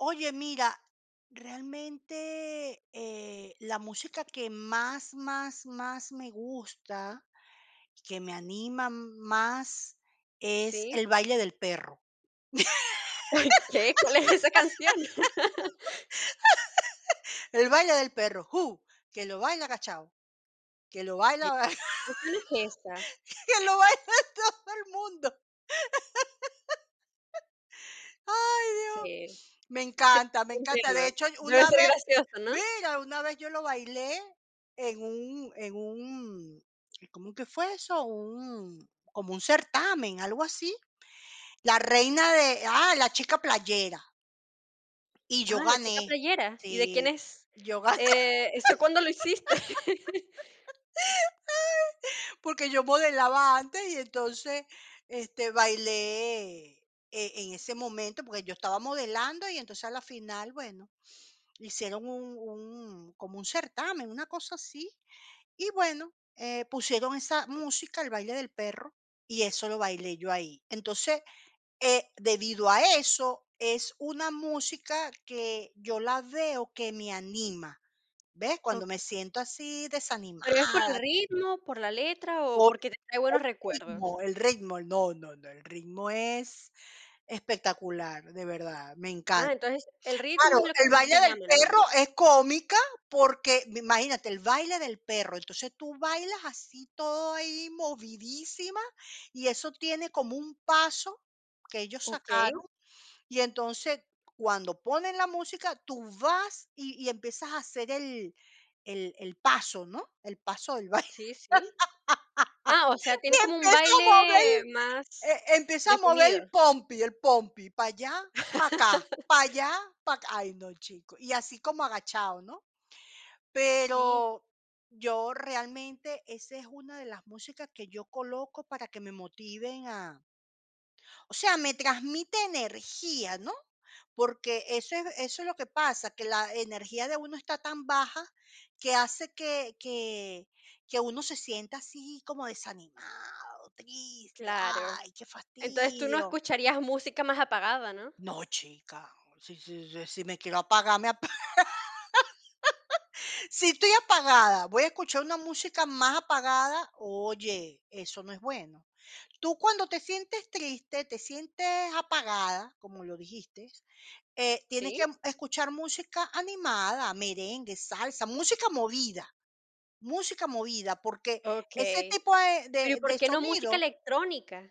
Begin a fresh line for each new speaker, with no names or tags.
Oye, mira, realmente, eh, la música que más, más, más me gusta, que me anima más, es
Sí.
el baile del perro.
¿Qué? ¿Cuál es esa canción?
El baile del perro, uh, que lo baila agachado, que lo
¿Qué
baila,
canción es esa?
que lo baila todo el mundo. Ay, dios.
Sí.
Me
Sí,
encanta, me
te
encanta.
entiendo,
De hecho y
debe
una
ser
vez,
gracioso, ¿no?
¡mira!, una vez yo lo bailé en un en un ¿cómo es que fue eso? Un, como un certamen, algo así, la reina de ah, la chica playera. Y yo
Ah, la chica
gané,
playera, ¿y de quién
sí,
es?
yo ga
Eh, ¿eso cuándo lo hiciste?
porque yo modelaba antes y entonces, este, bailé e en ese momento, porque yo estaba modelando, y entonces a la final, bueno, hicieron un un, como un certamen, una cosa así, y bueno, eh, pusieron esa música, el baile del perro, y eso lo bailé yo ahí. Entonces, eh, debido a eso, es una música que yo la veo que me anima, ¿ves? Cuando me
Okey.
siento así,
¿Pero y es por el
desanimada
ritmo, por la letra o
Por
porque te trae
el
buenos
ritmo,
recuerdos?
el ritmo. No, no, no, el ritmo es espectacular, de verdad, me
Ah,
encanta.
entonces el ritmo
Claro,
es lo que
el
más
baile
te
del
llama, ¿no?
perro es cómica porque, imagínate, el baile del perro. Entonces, tú bailas así, todo ahí, movidísima, y eso tiene como un paso que ellos
Okey.
sacaron, y entonces cuando ponen la música, tú vas y y empiezas a hacer el el el paso, ¿no? El paso del baile.
Sí, sí. Ah, o sea,
Y
tiene como un
empiezo a mover
baile
el
más
e empiezo a mover
definido.
el pompi, el pompi, para allá, para acá, para allá, para acá, ay, no, chico. Y así como agachado, ¿no?
Sí.
Pero yo realmente esa es una de las músicas que yo coloco para que me motiven a o sea, me transmite energía, ¿no? Porque eso es eso es lo que pasa, que la energía de uno está tan baja que hace que que que uno se sienta así como desanimado, triste,
Claro.
ay, qué
Entonces, tú no
fastidio.
escucharías música más apagada, ¿no?
No, chica, si si si si me quiero apagar, me apa si estoy apagada, ¿voy a escuchar una música más apagada? Oye, eso no es bueno. Tú, cuando te sientes triste, te sientes apagada, como lo dijiste, eh, tienes que
¿Sí?
escuchar música animada, merengue, salsa, música movida, música movida, porque ese
Okey.
tipo de
Pero, ¿y
de
por
de
qué no música
sonido
electrónica?